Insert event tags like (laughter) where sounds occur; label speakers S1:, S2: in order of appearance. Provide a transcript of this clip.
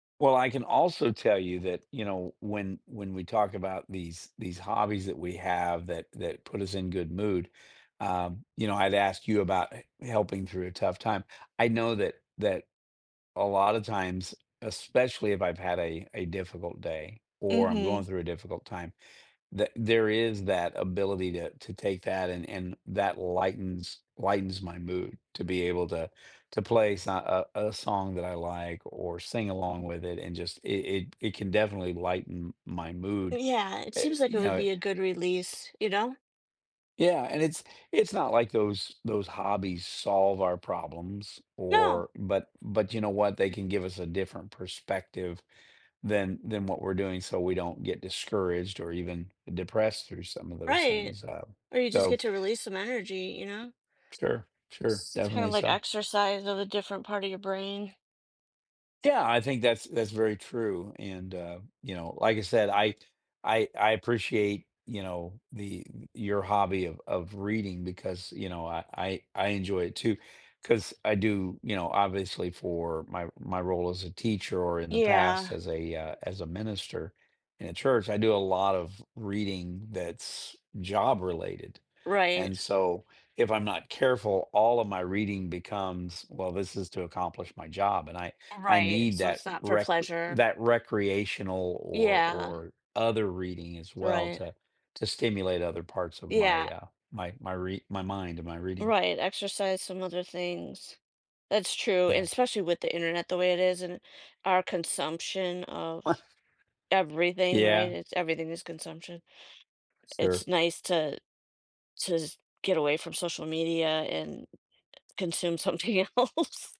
S1: Well, I can also tell you that, you know, when when we talk about these these hobbies that we have that that put us in good mood, um, you know, I'd ask you about he helping through a tough time. I know that that a lot of times, especially if I've had a a difficult day or I'm going
S2: Mhm.
S1: through a difficult time, the there is that ability to to take that and and that lightens lightens my mood to be able to to play so uh, uh, a song that I like or sing along with it and just it it it can definitely lighten m my mood,
S2: Yeah, it
S1: uh,
S2: seems like it
S1: you
S2: would
S1: know,
S2: be
S1: it
S2: a good release, you know?
S1: Yeah, and it's it's not like those those hobbies solve our problems or
S2: No.
S1: but but you know what, they can give us a different perspective than than what we're doing so we don't get discouraged or even depressed through some of those
S2: Right.
S1: things. Um,
S2: Or you just
S1: so
S2: get to release some energy. You know?
S1: Sure. Sure.
S2: Seems kind of
S1: Definitely
S2: like
S1: so.
S2: exercise of a different part of your brain.
S1: Yeah. I think that's that's very true. And, uh, you know, like I said, I I I appreciate, you know, the your hobby of of reading because, you know, I I I enjoy it, too. 'Cause I do, you know, obviously for my my role as a teacher or in the past
S2: Yeah.
S1: as a, uh as a minister in a church. I do a lot of reading that's job-related.
S2: Right.
S1: And so, if I'm not careful, all of my reading becomes, "Well, this is to accomplish my job," and I I
S2: Right,
S1: need
S2: so it's
S1: that
S2: not for
S1: recr
S2: pleasure.
S1: that recreational or
S2: Yeah.
S1: or other reading as well
S2: Right.
S1: to to stimulate other parts of my,
S2: Yeah.
S1: uh, my my rea my mind and my reading.
S2: Right, exercise some other things. That's true, and
S1: Yeah.
S2: especially with the Internet the way it is and our consumption of
S1: (unintelligible)
S2: everything, right?
S1: Yeah.
S2: It's everything is consumption.
S1: Sure.
S2: It's nice to to just get away from social media and consume something else.